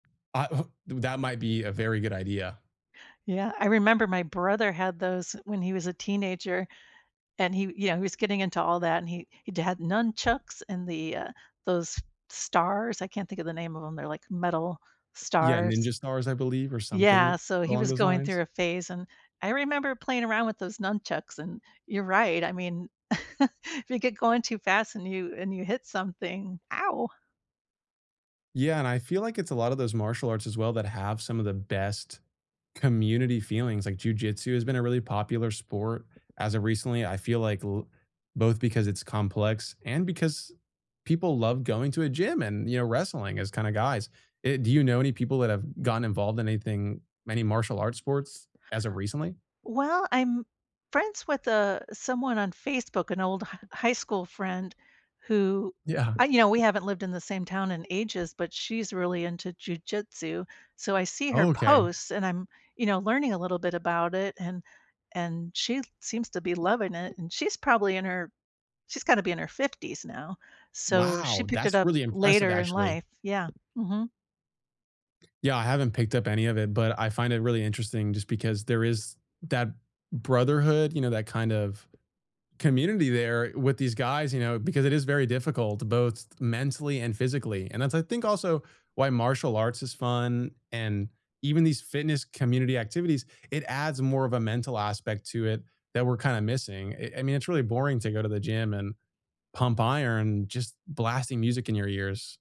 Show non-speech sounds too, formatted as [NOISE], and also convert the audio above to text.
I, uh The that might be a very good idea. Yeah, I remember my brother had those when he was a teenager, and he yeah, he was getting into all that, and he he'd had nunchucks and the, uh, those stars, I can't think of the name of 'em, they're like metal Yeah, stars. ninja stars, I believe, or something Yeah, so he along was those going lines. through a phase, and I remember playing around with those nunchucks, and you're right, I mean [CHUCKLES] if you get going too fast and you and you hit something, ow. Yeah, and I feel like it's a lot of those martial arts as well that have some of the best community feelings, like, Jiu Jitsu has been a really popular sport as of recently, I feel like l both because it's complex and because people love going to a gym and, you know, wrestling as kinda guys. Eh, do you know any people that have gotten involved in anything many martial arts sports as of recently? Well, I'm friends with, uh, someone on Facebook, an old h high school friend who Yeah. I you know, we haven't lived in the same town in ages, but she's really into Jiu Jitsu, so I see her Oh, okay. posts, and I'm, you know, learning a little bit about it, and and she seems to be loving it, and she's probably in her she's gotta be in her 50s now, so she Wow, picked it that's up really impressive, later in actually. life. Yeah, mhm. Yeah, I haven't picked up any of it, but I find it really interesting just because there is that brotherhood, you know, that kind of community there with these guys, you know, because it is very difficult both mentally and physically, and that's, I think, also why martial arts is fun, and even these fitness community activities, it adds more of a mental aspect to it that we're kinda missing. It I mean, it's really boring to go to the gym and pump iron just blasting music in your ears.